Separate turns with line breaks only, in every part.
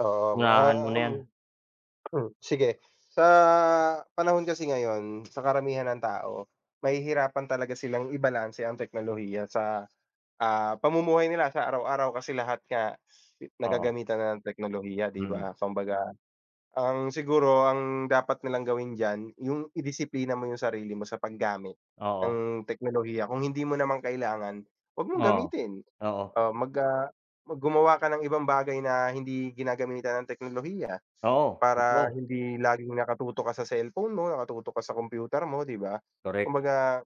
Oo,
Unahan mo
ah,
na 'yan.
um, sige. Sa, panahon kasi ngayon, sa karamihan ng tao, mahihirapan talaga silang ibalanse ang teknolohiya sa, ah, pamumuhay nila sa araw-araw. Kasi lahat nga
Oo.
nagagamitan na ng teknolohiya, 'di
Mm.
ba? Kumbaga ang siguro, ang dapat nilang gawin diyan yung i-disiplina mo yung sarili mo sa paggamit
Oo.
ng teknolohiya. Kung hindi mo naman kailangan, 'wag mong
Oo,
gamitin.
oo.
Ah, mag ah, mag gumawa ka ng ibang bagay na hindi ginagamitan ng teknolohiya,
Oo,
para
totoo.
hindi laging nakatutok ka sa cellphone mo, nakatutok ka sa kompyuter mo, 'di ba?
Korek.
Kumbaga,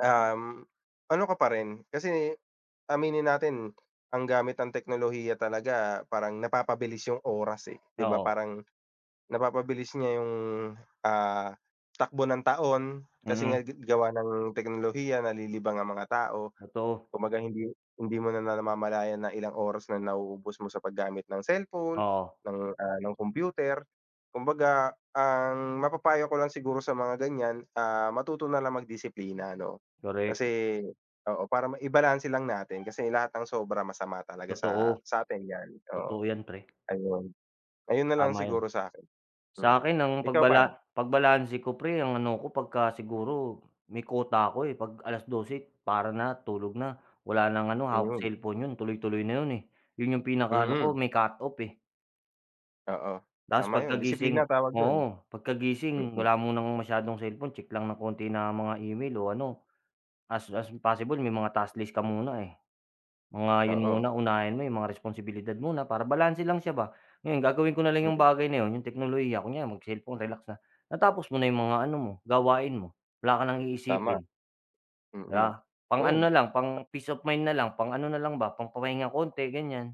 um, ano ka pa rin kasi aminin natin, ang gamit ng teknolohiya talaga parang napapabilis yung oras, eh, 'di ba?
Oo.
Parang, napapabilis niya yung, ah, takbo ng taon. Kasi
Mhm.
nga, ga gawa ng teknolohiya nalilibang ang mga tao.
Totoo.
Kumbaga hindi hindi mo na na namamalayan na ilang oras na nauubos mo sa paggamit ng cellphone,
Oo.
ng, ah, ng kompyuter. Kumbaga ang mapapayo ko lang siguro sa mga ganiyan, ah, matuto nalang magdisiplina 'no?
Korek.
Kasi, oo para ma i-balanse lang natin. Kasi lahat ng sobra masama talaga sa
Totoo,
sa sa'tin, yan. Oo,
totoo 'yan pre.
ayun ayun nalang
Tama yun.
siguro sakin, mm.
Sa 'kin ang
Ikaw pare?
pagbala pagbalanse ko 'pre, ang ano ko 'pagka siguro may quota ako, eh, 'pag alas-dose, para na, tulog na. Wala ng ano, hawak
Mhm.
selpon, 'yon tuloy-tuloy na 'yon. Eh, yun yung pinaka-ano ko,
Mm.
may cut off, eh.
Oo,
Ta's
tama yun.
pagkagising
Disiplina tawag dun.
oo, pagkagising
Mm.
wala munang masyadong selpon. Tsek lang ng konti na mga email, o ano as as possible may mga task list ka muna. Eh, mga 'yon
Oo.
muna. Unahin mo yong mga responsibilidad muna, para balanse lang siya ba. Ngayon gagawin ko na lang 'yong
Mm.
bagay na 'yon 'yong teknolohiya. Kunya mag-selpon relax na, natapos mo na yong mga ano mo, gawain mo. Wala ka ng
Tama.
iisipin.
Mm.
Yeah, pang-ano
Oo.
nalang, pang-peace of mind na lang. Pang-ano nalang ba, pang pamahinga konti, ganiyan.